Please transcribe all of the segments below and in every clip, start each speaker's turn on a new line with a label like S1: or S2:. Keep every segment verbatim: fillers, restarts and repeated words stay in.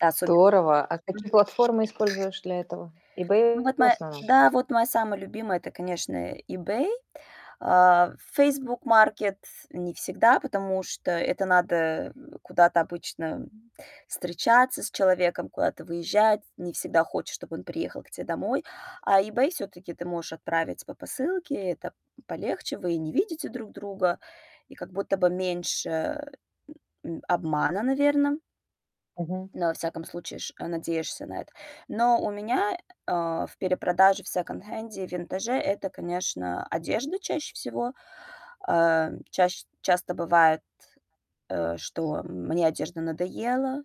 S1: Да, особь
S2: А какие
S1: Мгм.
S2: платформы используешь для этого?
S1: Ну
S2: EBay
S1: вот
S2: в
S1: моя
S2: основном.
S1: да, вот моя самая любимая- это, конечно, eBay. А, Facebook Market не всегда, потому что это надо куда-то обычно встречаться с человеком, куда-то выезжать. Не всегда хочешь, чтобы он приехал к тебе домой. А eBay всё-таки ты можешь отправить по посылке, это полегче. Вы и не видите друг друга, и как будто бы меньше, м, обмана, наверное.
S2: Мгм.
S1: Но, во всяком случае, ш надеешься на это. Но у меня, э, в перепродаже, в секонд-хенде и винтаже это, конечно, одежда чаще всего. Э, чащ часто бывает, э, что мне одежда надоела,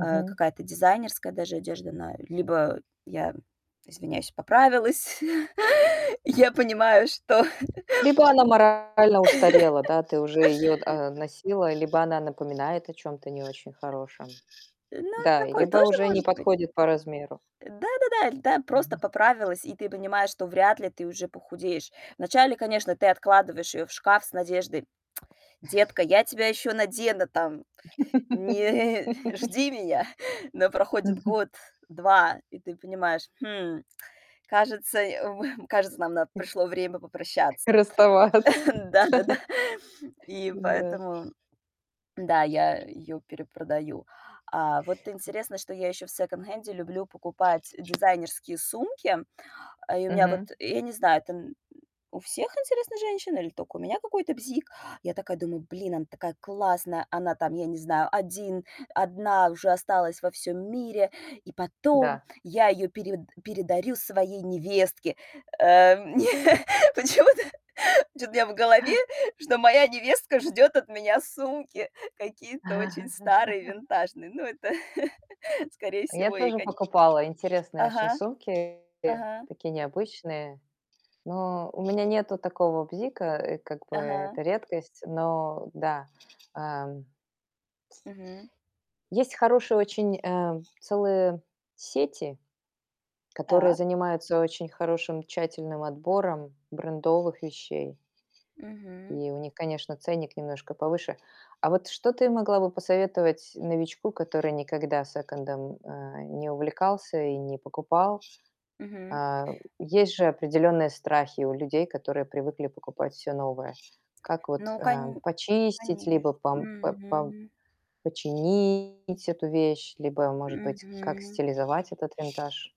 S1: э, какая-то дизайнерская даже одежда на либо я, извиняюсь, поправилась. Я понимаю, что
S2: Либо она морально устарела, да, ты уже ее д а, носила, либо она напоминает о чем-то не очень хорошем,
S1: Ну,
S2: да?
S1: такое
S2: Либо
S1: тоже
S2: уже не
S1: может быть.
S2: подходит по размеру.
S1: Да-да-да. Да, иль да просто
S2: Мгм.
S1: поправилась, и ты понимаешь, что вряд ли ты уже похудеешь. Вначале, конечно, ты откладываешь её в шкаф с надеждой: "Детка, я тебя ещё надену, там, не жди меня". Но проходит
S2: Мгм.
S1: год, два, и ты понимаешь: "Хм, кажется, м, кажется, нам на пришло время попрощаться".
S2: Расставаться.
S1: Да-да-да. И
S2: Да.
S1: поэтому, да, я её перепродаю. А, вот интересно, что я ещё в секонд-хенде люблю покупать дизайнерские сумки. И у меня вот,
S2: Мгм.
S1: я не знаю, это у всех, интересно, женщин или только у меня какой-то бзик. Я такая думаю: "Блин, она такая классная, она, там, я не знаю, один одна уже осталась во всём мире, и потом
S2: Да.
S1: я её перев передарю своей невестке". Э, почему-то, почему-то у меня в голове, что моя невестка ждёт от меня сумки какие-то очень старые, винтажные. Ну это, скорее
S2: Я
S1: всего, ей
S2: тоже
S1: коне
S2: покупала интересные очень
S1: Ага,
S2: сумки,
S1: ага.
S2: такие необычные. Но у меня нету такого бзика, и как бы
S1: Ага.
S2: это редкость, но да. Ам
S1: Мгм.
S2: Есть хорошие очень, а, целые сети, которые
S1: Так.
S2: занимаются очень хорошим, тщательным отбором брендовых вещей.
S1: Мгм.
S2: И у них, конечно, ценник немножко повыше. А вот что ты могла бы посоветовать новичку, который никогда секондом, а, не увлекался и не покупал?
S1: Мгм.
S2: А, есть же определенные страхи у людей, которые привыкли покупать всё новое. Как вот,
S1: Ну
S2: а,
S1: кон
S2: почистить либо
S1: конечно.
S2: пам пэ пам
S1: Мгм.
S2: починить эту вещь, либо, может быть, как
S1: Мгм.
S2: стилизовать этот винтаж?